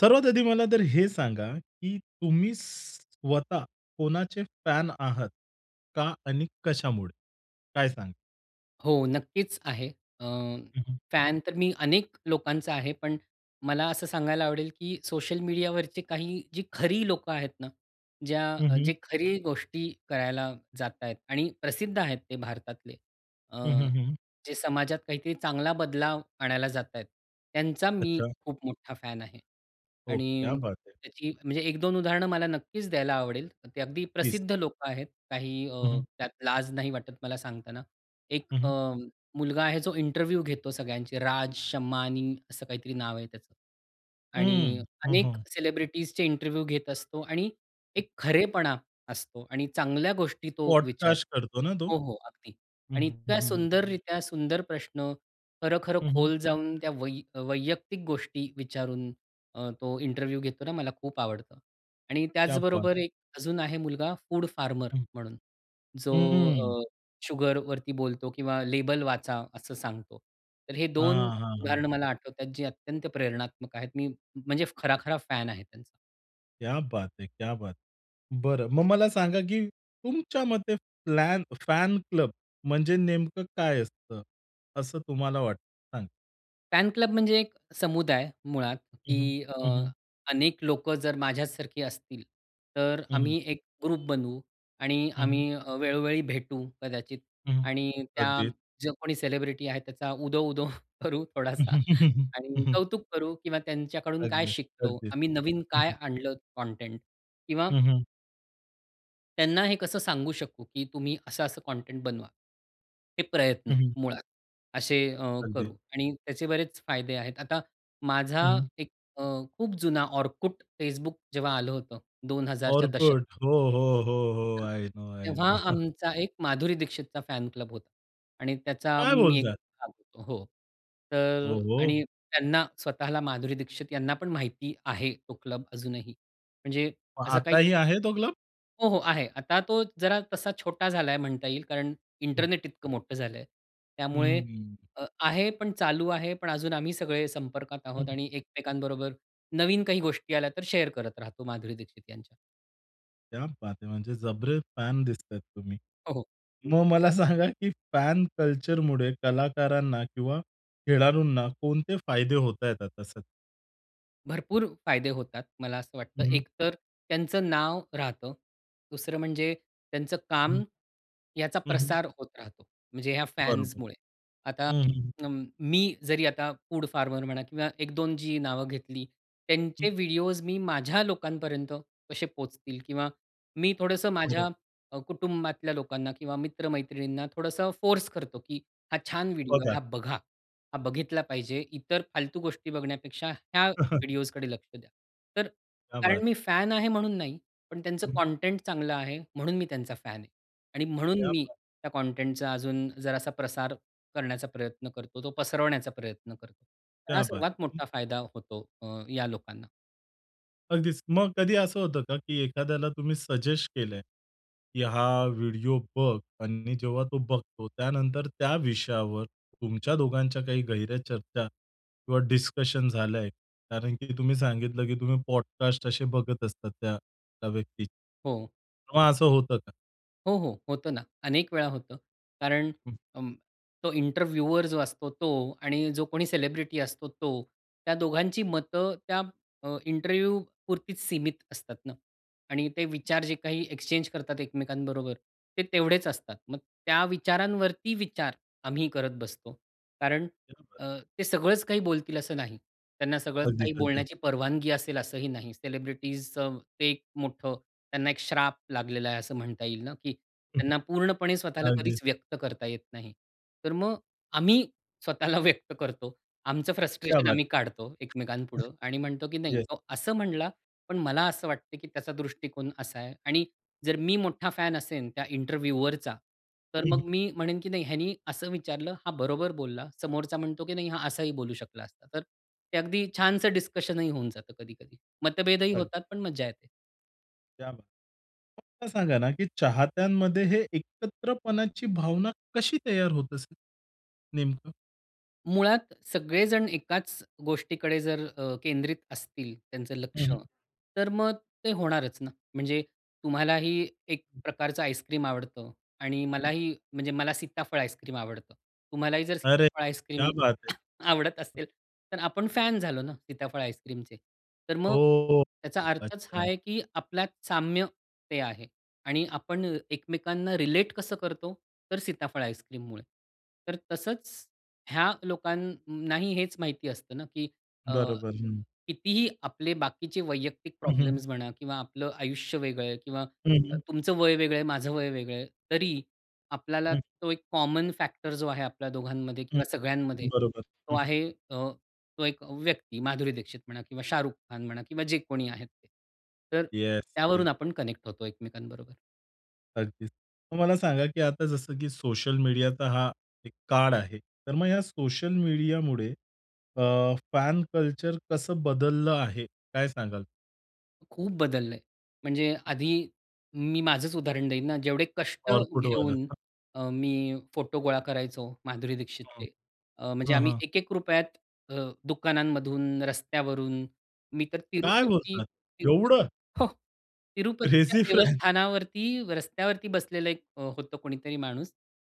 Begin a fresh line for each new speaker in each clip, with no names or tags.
सर्वात आधी मला तर हे सांगा, की तुम्ही स्वतः कोणाचे फॅन आहात का आणि कशामुळे? काय सांग?
हो नक्कीच आहे. अ,
हं, हं.
फॅन तर मी अनेक लोकांचा आहे, पण मला असं सांगायला आवडेल, की सोशल मीडियावरचे काही जी खरी लोकं आहेत ना,
हं,
ज्या
हं.
जे खरी गोष्टी करायला जात आहेत आणि प्रसिद्ध आहेत ते भारतातले. अ,
हं, हं, हं.
जे समाजात काहीतरी चांगला बदलाव आणायला जात आहेत. त्यांचा मी
अच्छा.
खूप मोठा फॅन आहे.
ओह! क्या
आणि
बात है.
त्याची म्हणजे 1-2 उदाहरण मला नक्कीच द्यायला आवडेल. ते अगदी
दिस
प्रसिद्ध लोकं आहेत. काही
हं, हं.
त्यात लाज नाही वाटत मला सांगताना. एक
हं,
अ,
हं.
मुलगा आहे जो इंटरव्ह्यू घेतो सगळ्यांचे राज शमानी असं काहीतरी नाव आहे त्याचं. आणि
हं, हं,
अनेक
हं.
सेलिब्रिटीजचे इंटरव्ह्यू घेत असतो आणि
हं.
एक खरेपणा असतो आणि चांगल्या गोष्टी तो विचार
पॉडकास्ट करतो ना तो?
हो, हो. अगदी
हं,
आणि
हं,
इतका
हं, हं, हं.
सुंदररित्या, सुंदर प्रश्न, खरं खरं
हं, हं.
खोल जाऊन त्या वै वैयक्तिक गोष्टी विचारून अ, तो इंटरव्ह्यू घेतो ना मला खूप आवडतं. आणि
क्या बात.
त्याचबरोबर एक अजून आहे मुलगा फूड फार्मर
हं.
म्हणून जो
हं, हं.
अ, शुगरवरती बोलतो किंवा लेबल वाचा असं सांगतो. तर हे 2
हां, हां, हां.
उदाहरण मला आठवतात जे अत्यंत प्रेरणात्मक आहेत. मी म्हणजे खरा, खरा फॅन आहे त्यांचा.
क्या बात है! क्या बात है! बरं, मग मला सांगा की तुमच्या मते फ्लॅन फॅन क्लब म्हणजे नेमकं काय असतं? असं तुम्हाला वाटतं सांगा.
फॅन क्लब म्हणजे एक समुदाय मुळात
हं, हं,
की अ,
हं, हं.
अनेक लोकं जर माझ्यासारखी असतील, तर
हं, हं.
आम्ही एक ग्रुप बनवू आणि
हं, हं.
आम्ही अ, वेळोवेळी भेटू, कदाचित
हं, हं,
आणि त्या
अगदी.
जो कोणी सेलिब्रिटी आहे त्याचा उदो-उदो करू थोडासा आणि कौतुक करू किंवा त्यांच्याकडून काय
अगदी,
शिकतो,
अगदी.
आम्ही नवीन
हं,
काय
हं.
आणलं कॉनटेंट किंवा
हं, हं.
त्यांना हे कसं सांगू शकू की तुम्ही असं-असं कॉनटेंट बनवा. हे प्रयत्न
हं, हं.
मुळात, असे अ,
अगदी.
करू आणि त्याचे बरेच फायदे आहेत. आता माझा
हं, हं.
एक अ, खूप जुना Orkut, Facebook जेव्हा आलं होतं 2000 दशक
Orkut हो, हो, हो, हो,
[unintelligible]
आय नो, आय नो.
तेव्हा आमचा एक माधुरी दीक्षितचा फॅन क्लब होता आणि त्याचा अ,
काय
मी एक
बोलताय!
भाग होतो हो, तर
ओ, हो.
आणि त्यांना स्वतःला, माधुरी दीक्षित यांना पण माहिती आहे तो क्लब. अजूनही म्हणजे
मग
असं काही
आताही आहे तो क्लब?
हो, हो, आहे. आता तो जरा तसा छोटा झालाय म्हणता येईल कारण
हं.
इंटरनेट इतकं मोठं झालंय.
हं,
त्यामुळे
हं.
अ, आहे पण, चालू आहे पण, अजून आम्ही सगळे संपर्कात
हं,
आहोत
हं.
आणि एकमेकांबरोबर नवीन काही गोष्टी आल्या तर शेअर करत राहतो माधुरी दीक्षित यांच्या.
क्या बात है! म्हणजे जबरे फॅन दिसतायेत तुम्ही.
हो, हो.
मग मला सांगा की फॅन कल्चरमुळे कलाकारांना किंवा खेळाडूंना कोणते फायदे होतायेत आता सध्या?
भरपूर फायदे होतात मला असं वाटतं.
हं, हं.
एकतर त्यांचं नाव राहतं, दुसरं म्हणजे त्यांचं काम
हं.
ह्याचा
हं, हं.
प्रसार होत राहतो, म्हणजे ह्या
बरोबर.
फॅन्समुळे. आता
हं, हं.
अं, मी जरी आता फूड फार्मर म्हणा किंवा 1-2 जी नावं घेतली
हं.
त्यांचे व्हिडिओ मी माझ्या लोकांपर्यंत कसे पोहोचतील किंवा मी थोडंसं
बरोबर.
माझ्या अ, कुटुंबातल्या लोकांना किंवा मित्रमैत्रिणींना थोडंसं फोर्स करतो की हा छान व्हिडिओ आहे,
बघा.
हा बघा, हा बघितला पाहिजे इतर फालतू गोष्टी बघण्यापेक्षा ह्या व्हिडिओज कडे लक्ष द्या. तर
क्या बात!
कारण मी फॅन आहे म्हणून नाही, पण त्यांचं
हं.
कंटेंट चांगलं आहे म्हणून मी त्यांचा फॅन आहे आणि म्हणून
क्या
मी
बात है!
त्या कंटेंटचा अजून जरासा प्रसार करण्याचा प्रयत्न करतो, तो पसरवण्याचा प्रयत्न करतो.
क्या
हा
बात
सर्वात
है! हं.
मोठा फायदा होतो अ, या लोकांना.
अगदीच. मग कधी असं होतं का? की एखाद्याला तुम्ही सजेस्ट केलंय की "हा व्हिडिओ बघ" आणि जेव्हा तो बघतो त्यानंतर त्या विषयावर तुमच्या दोघांच्या काही गेह्ऱ्या चर्चा किंवा डिस्कशन झालंय? कारण की तुम्ही सांगितलं की तुम्ही पॉडकास्ट असे बघत असतात त्या त्या व्यक्तीचे.
हो.
तेव्हा असं होतं का?
हो, हो. होतं ना. अनेक वेळा होतं. कारण
हं.
अं, तो इंटरव्यूअर जो असतो तो आणि जो कोणी सेलिब्रिटी असतो तो, त्या दोघांची मतं त्या अ, इंटरव्ह्यू पुरतीच सीमित असतात ना? आणि ते विचार जे काही एक्सचेंज करतात एकमेकांबरोबर, ते तेवढेच असतात. मग त्या विचारांवरती विचार आम्ही करत बसतो. कारण
क्या बात है!
अ, ते सगळंच काही बोलतील असं नाही. त्यांना सगळंच
अगदीच,
काही
अगदीच.
बोलण्याची परवानगी असेल असंही नाही. सेलिब्रिटीजचं ते एक मोठं त्यांना एक श्राप लागलेला आहे, असं म्हणता येईल ना की त्यांना पूर्णपणे स्वतःला
अगदीच.
कधीच व्यक्त करता येत नाही. तर मग आम्ही स्वतःला व्यक्त करतो. आमचं
क्या
फ्रस्ट्रेशन
बात
आम्ही
है!
काढतो एकमेकांपुढं आणि म्हणतो की नाही
येस.
तो असं म्हणला, पण मला असं वाटतं की त्याचा दृष्टिकोन असा आहे. आणि जर मी मोठा फॅन असेन त्या इंटरव्युवरचा, तर
हं,
मग
हं.
मी म्हणेन की नाही ह्यानी असं विचारलं, हा बरोबर बोलला, समोरचा म्हणतो की नाही, हा असाही बोलू शकला असता. तर ते अगदी छानसं डिस्कशनही होऊन जातं कधी-कधी, मतभेदही
अग
होतात पण मज्जा येते.
क्या बात फक्त सांगा ना, की चाहत्यांमध्ये हे एकत्रपणाची भावना कशी तयार होत असेल? नेमकं?
मुळात, सगळेजण एकाच गोष्टीकडे जर अ, केंद्रित असतील त्यांचं
हं,
लक्ष
हं.
तर मग ते होणारच ना. म्हणजे तुम्हालाही एक प्रकारचं आईस्क्रीम आवडतं आणि मलाही म्हणजे मला सीताफळ आईस्क्रीम आवडतं. तुम्हालाही जर
अरे!
सीताफळ
क्या
आईस्क्रीम
बात है!
आवडत असेल तर आपण फॅन झालो ना सीताफळ आईस्क्रीमचे? तर मग
हो
त्याचा अर्थच हा
अच्छा.
आहे की आपल्यात साम्य ते आहे आणि आपण एकमेकांना रिलेट कसं करतो? तर सीताफळ आईस्क्रीममुळे. तर तसंच ह्या लोकांनाही हेच माहिती असतं ना की अ,
बरोबर, हं.
कितीही आपले बाकीचे वैयक्तिक
हं, हं.
प्रॉब्लेम्स म्हणा किंवा आपलं आयुष्य वेगळं आहे किंवा
हं,
अ,
हं.
तुमचं वय वेगळं आहे, माझं वय वेगळं आहे, तरी आपल्याला
हं.
तो एक कॉमन फॅक्टर जो आहे आपल्या दोघांमध्ये
हं,
किंवा सगळ्यांमध्ये,
बरोबर,
तो
हं, हं.
आहे, अ, तो एक व्यक्ती. माधुरी दीक्षित म्हणा किंवा शाहरुख खान म्हणा किंवा जे कोणी आहेत ते. तर
येस,
त्यावरून
येस.
आपण कनेक्ट होतो एकमेकांबरोबर.
अगदीच. मग मला सांगा, की आता जसं की सोशल मीडिया तर हा एक काळ आहे, तर मग या सोशल मीडियामुळे अ, फॅन कल्चर कसं बदललं आहे? काय सांगाल?
खूप बदललंय, म्हणजे आधी मी माझंच उदाहरण देईन ना, जेवढे कष्ट
Orkutवालं.
घेऊन अ, मी फोटो गोळा करायचो माधुरी
हां.
दीक्षितचे, अ, म्हणजे
हां,
आम्ही
हां.
₹1-1 अ, दुकानांमधून, रस्त्यावरून मी तर
काय बोलता?
तिरुपती-तिरुपती
एवढं?
हो. तिरुपतीच्या
क्रेझी फ्रॅन.
देवस्थानावरती रस्त्यावरती बसलेलं 1 अ, होतं कोणीतरी माणूस,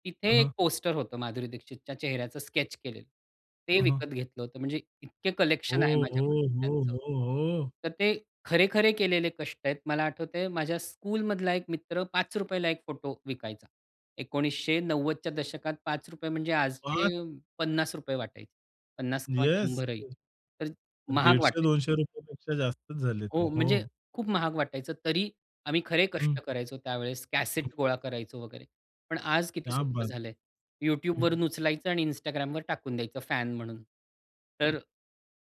तिथे
अहं.
1 पोस्टर होतं, माधुरी दीक्षितच्या चेहऱ्याचं, स्केच केलेलं. ते
अहं.
विकत घेतलं होतं, म्हणजे इतके
हो,
कलेक्शन आहे
हो,
माझ्याकडे
हो,
त्यांचं.
हो, हो.
तर ते खरे-खरे केलेले कष्ट आहेत. मला आठवतंय, माझ्या स्कूलमधला 1 मित्र ₹5 1 फोटो विकायचा. 1990च्या दशकात ₹5 म्हणजे आजचे
5
अ, ₹50 वाटायचे. 50 किंवा
येस
100 ही,
[unintelligible]
तर महाग
दीडशे
वाटायचं.
दोनशे रुपयापेक्षा जास्तच झाले ते,
हो, म्हणजे
हो.
खूप महाग वाटायचं. तरी आम्ही खरे
हं.
कष्ट करायचो त्यावेळेस, कॅसेट गोळा करायचो वगैरे. पण आज किती
क्या
सोपं
बात.
झालंय. YouTubeवरून उचलायचं आणि Instagramवर टाकून द्यायचं, फॅन म्हणून. तर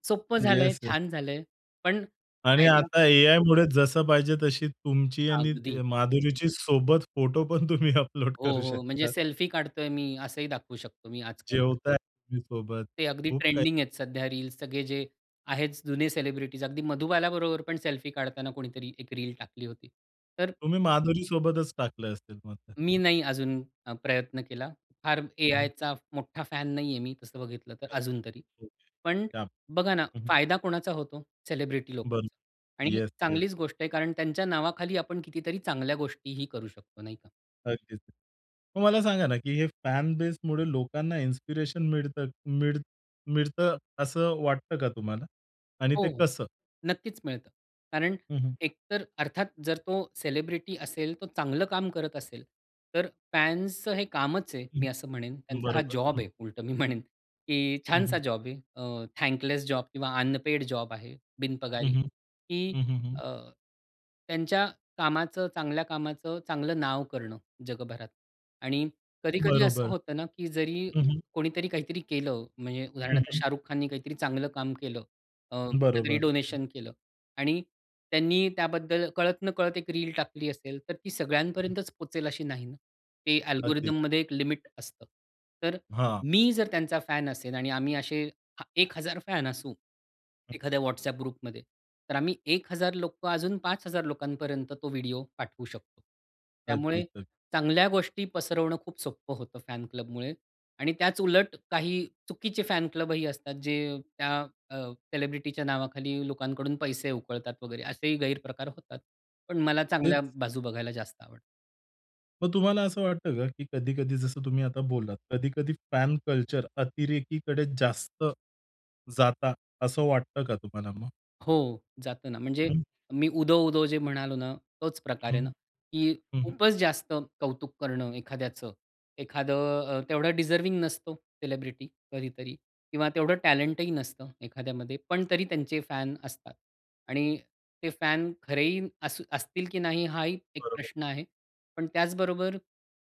सोपं झालंय,
येस, येस.
छान झालंय, पण
आणि
फायदा
आता एआयमुळे जसं पाहिजे तशी तुमची आणि ती,
अगदी.
माधुरीची सोबत फोटो पण तुम्ही अपलोड
हो,
करू
हो, म्हणजे
शकतात.
सेल्फी काढतोय मी असंही दाखवू शकतो मी आजकाल.
जेवताय तुम्ही सोबत,
ते अगदी
खूप काही
ट्रेंडिंग आहेत सध्या रील्स सगळे जे आहेत, जुने सेलिब्रिटीज अगदी मधुबालाबरोबर पण सेल्फी काढताना कोणीतरी 1 रील टाकली होती. तर
तुम्ही माधुरीसोबतच टाकले असतील मग
मी
फोटो?
नाही अजून अ, प्रयत्न केला. फार
हं.
एआयचा मोठा फॅन नाहीये मी, तसं बघितलं, तर
अच्छा.
अजून तरी.
हो.
पण
क्या बात.
बघा ना,
हं, हं.
फायदा कोणाचा होतो? सेलिब्रिटी
बरं.
लोकांचा आणि
येस, येस.
चांगलीच गोष्ट आहे, कारण त्यांच्या नावाखाली आपण कितीतरी चांगल्या गोष्टीही करू शकतो, नाही का?
अगदीच. मग मला सांगा ना, की हे फॅन बेसमुडे लोकांना इन्स्पिरेशन मिळत मिळ मिळतं असं वाटतं का तुम्हाला? आणि
हो,
ते
हो,
कसं?
नक्कीच मिळतं. कारण
हं, हं.
एकतर अर्थात जर तो सेलिब्रिटी असेल, तो चांगलं काम करत असेल तर फॅन्सचं हे कामच आहे
हं,
मी असं म्हणेन, त्यांचा हा
बरोबर.
जॉब
हं.
आहे उलटं मी म्हणेन की
हं,
छानसा
हं.
जॉब आहे, अ, थँकलेस जॉब किंवा अनपेड जॉब आहे,
हं,
बिनपगारी
हं,
की
हं, हं, हं.
अ, त्यांच्या कामाचं चांगल्या कामाचं चांगलं नाव करणं जगभरात आणि कधी-कधी असं
बरोबर.
होतं ना की जरी
हं, हं.
कोणीतरी काहीतरी केलं, म्हणजे
हं,
उदाहरणार्थ
हं.
शाहरुख खाननी काहीतरी चांगलं काम केलं अ, काहीतरी
बरोबर. हं, हं.
डोनेशन केलं आणि त्यांनी त्याबद्दल कळत-नकळत एक रील टाकली असेल तर ती सगळ्यांपर्यंतच पोहचेल अशी नाही ना. ते
अगदीच. [unintelligible]
अल्गोरिथममध्ये एक लिमिट असतं. तर
हां.
मी जर त्यांचा फॅन असेल आणि आम्ही असे हा 1000 फॅन असू एखाद्या व्हॉट्सॲप ग्रुपमध्ये. तर आम्ही 1000 लोकं अजून 5000 लोकांपर्यंत तो व्हिडिओ पाठवू शकतो. त्यामुळे
अगदीच अगदी.
चांगल्या गोष्टी पसरवणं खूप सोपं होतं फॅन क्लबमुळे आणि त्याच उलट काही चुकीचे फॅन क्लब ही असतात, जे त्या अ, सेलिब्रिटीच्या नावाखाली लोकांकडून पैसे उकळतात वगैरे, असेही गैरप्रकार होतात. पण मला
तेच.
चांगल्या बाजू बघायला जास्त आवडतं.
मग तुम्हाला असं वाटतं का, की कधी-कधी जसं तुम्ही आता बोललात, कधी-कधी फॅन कल्चर अतिरेकीकडे जास्त, जाता असं वाटतं का तुम्हाला मग?
हो. जातं ना म्हणजे
[unintelligible]
मी उदो, उदो जे म्हणालो ना, तोच प्रकार आहे
हं,
ना, की
हं, हं.
खूपच जास्त कौतुक करणं एखाद्याचं. एखादं अ, तेवढं डिझर्व्हिंग नसतो, सेलिब्रिटी कधीतरी किंवा तेवढं टॅलेंट ही नसतं एखाद्यामध्ये, पण तरी त्यांचे फॅन असतात. आणि ते फॅन खरेही अस असतील, की नाही, हाही एक
बरोबर.
प्रश्न आहे. पण त्याचबरोबर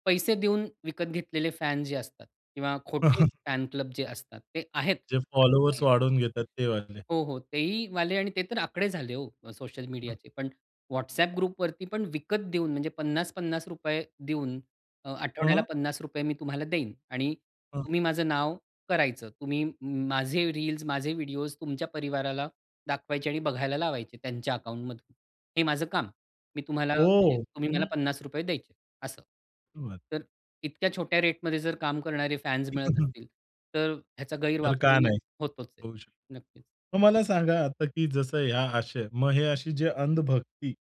पैसे देऊन विकत घेतलेले फॅन जे असतात किंवा खोटे फॅन क्लब जे असतात ते आहेत.
जे फॉलोअर्स
हं.
वाढवून घेतात ते वाले.
हो, हो. तेहीवाले आणि ते तर आकडे झाले ओ, अ, सोशल
हं.
मीडियाचे. पण WhatsApp ग्रुपवरती, पण विकत देऊन म्हणजे ₹50-50 देऊन अ, आठवड्याला
हं.
₹50 मी तुम्हाला देईन आणि
हं.
तुम्ही माझं नाव करायचं. तुम्ही माझे रील्स, माझे व्हिडिओस तुमच्या परिवाराला दाखवायचे आणि बघायला लावायचे. त्यांच्या अकाउंटमधून हे माझं काम. मी तुम्हाला म्हणजे
हो.
तुम्ही मला
हं.
₹50 द्यायचे असं.
बरं.
तर इतक्या छोट्या रेटमध्ये जर काम करणारे फॅन्स
ते
मिळत
कसं?
असतील, तर ह्याचा
तर का
गैरवापरही
नाही?
होतोच आहे.
होऊ शक
नक्कीच.
मग मला सांगा आता, की जसं ह्या अशा, मग हे अशी जे अंधभक्ती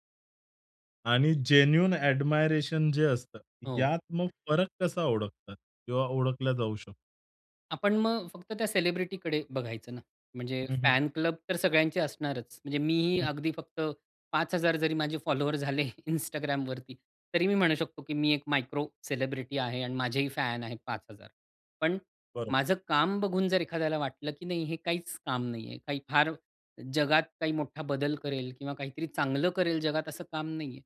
आणि जेन्युइन ॲडमायरेशन जे असतं
हो.
यात मग फरक कसा ओळखतात? किंवा ओळखला जाऊ शकतो?
आपण मग फक्त त्या सेलिब्रिटीकडे बघायचं ना. म्हणजे
हम्म हं.
फॅन क्लब तर सगळ्यांचे असणारच; म्हणजे मीही
हम्म.
अगदी फक्त 5000 जरी माझे फॉलोवर झाले Instagramवरती, तरी मी म्हणू शकतो की मी एक मायक्रो सेलिब्रिटी आहे आणि माझेही फॅन आहेत 5000. पण
बरं.
माझं काम बघून, जर एखाद्याला वाटलं की नाही, "हे काहीच काम नाहीये. काही फार जगात काही मोठा बदल करेल किंवा काहीतरी चांगलं करेल जगात असं काम नाहीये."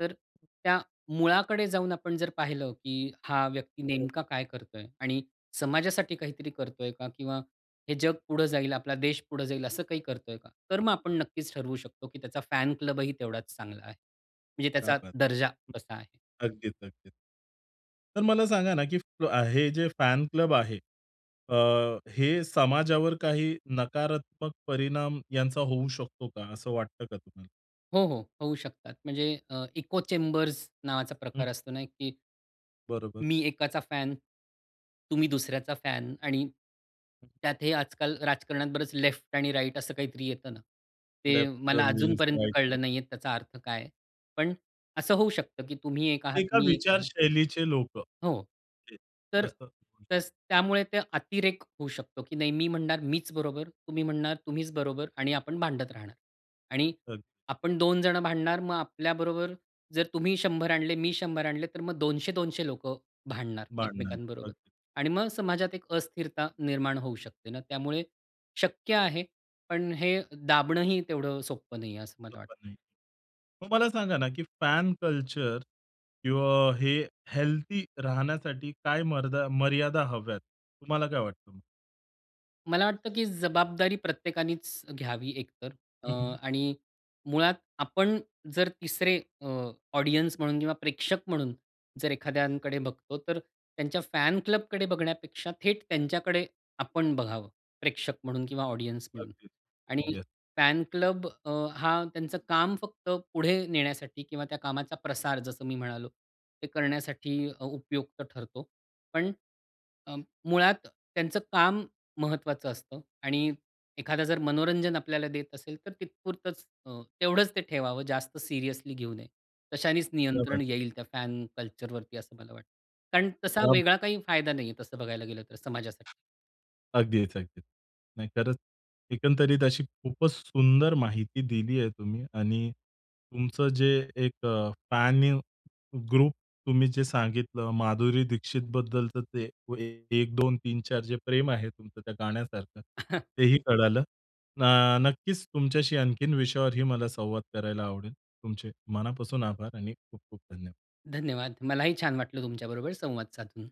तर त्या मुळाकडे जाऊन आपण जर पाहिलं, की हा व्यक्ती
बरं.
नेमका काय करतोय आणि समाजासाठी काहीतरी करतोय का? किंवा हे जग पुढं जाईल, आपला देश पुढं जाईल, असं काही करतोय का? तर मग आपण नक्कीच ठरवू शकतो की त्याचा फॅन क्लब ही तेवढाच चांगला आहे. म्हणजे
क्या
त्याचा
बात!
दर्जा कसा आहे?
अगदीच, अगदीच. तर मला सांगा ना अ, की हे जे फॅन क्लब आहे, अ, हे समाजावर काही नकारात्मक परिणाम यांचा होऊ शकतो का? असं वाटतं का तुम्हाला?
हो, हो. होऊ शकतात. म्हणजे अ, इको चेंबर्स नावाचा
हं.
प्रकार असतो ना की,
बरोबर.
मी एकाचा फॅन तुम्ही दुसऱ्याचा फॅन आणि, त्यात हे आजकाल राजकारणात बरंच लेफ्ट आणि राइट असं काहीतरी येतं ना, ते
लेफ्ट
मला अजून
विंग्ज,
पर्यंत
राइट विंग.
कळलं नाहीये त्याचा अर्थ काय आहे? पण असं होऊ शकतं की तुम्ही एक आहात
एका
मी एक आहे
विचारशैलीचे लोकं.
हो.
[unintelligible]
तर
तसं.
तस त्यामुळे ते अतिरेक होऊ शकतो की नाही मी म्हणणार मीच बरोबर, तुम्ही म्हणणार तुम्हीच बरोबर आणि आपण भांडत राहणार. आणि
अग
आपण 2 जण भांडणार मग आपल्याबरोबर जर तुम्ही 100 आणले, मी 100 आणले, तर मग 200-200 लोकं भांडणार
भांडणं,
एकमेकांबरोबर
अगदी.
आणि मग समाजात एक अस्थिरता निर्माण होऊ शकते ना; त्यामुळे शक्य आहे पण हे दाबणंही तेवढं सोपं नाहीये, असं मला वाटतं.
गप्पा नाही, मग मला सांगा ना की फॅन कल्चर किंवा हे हेल्थी राहण्यासाठी काय मर्दा मर्यादा हव्यात? तुम्हाला काय वाटतं?
मला वाटतं की जबाबदारी प्रत्येकानेच घ्यावी, एक तर. अ,
हं, हं.
आणि मुळात, आपण जर तिसरे अ, ऑडियन्स म्हणून किंवा प्रेक्षक म्हणून जर एखाद्यांकडे बघतो, तर त्यांच्या फॅन क्लबकडे बघण्यापेक्षा थेट त्यांच्याकडे आपण बघावं, प्रेक्षक म्हणून किंवा ऑडियन्स म्हणून.
अगदीच.
आणि
येस.
फॅन क्लब अ, हा त्यांचं काम फक्त पुढे नेण्यासाठी किंवा त्या कामाचा प्रसार, जसं मी म्हणालो, ते करण्यासाठी अ उपयुक्त ठरतो. पण अ, मुळात त्यांचं काम महत्त्वाचं असतं. आणि एखादा जर मनोरंजन आपल्याला देत असेल, तर तिथेपुरतंच अ, तेवढंच ते ठेवावं, जास्त सीरियसली घेऊ नये. तशानेच
क्या बात है!
नियंत्रण येईल त्या फॅन कल्चरवरती, असं मला वाटतं. कारण तसा
क्या ब
वेगळा काही फायदा नाहीये, तसं बघायला गेलं तर समाजासाठी.
अगदीच. अगदीच. नाही खरंच, एकंदरीत अशी खूपच सुंदर माहिती दिली आहे तुम्ही आणि तुमचं जे एक अ, फॅन ग्रुप तुम्ही जे सांगितलं, माधुरी दीक्षितबद्दलचं ते 1, 2, 3, 4 जे प्रेम आहे तुमचं, त्या गाण्यासारखं, तेही कळालं. ना नक्कीच तुमच्याशी आणखीन विषयावरही मला संवाद करायला आवडेल. तुमचे मनापासून आभार आणि खूप-खूप धन्यवाद.
धन्यवाद. मलाही छान वाटलं तुमच्याबरोबर संवाद साधून.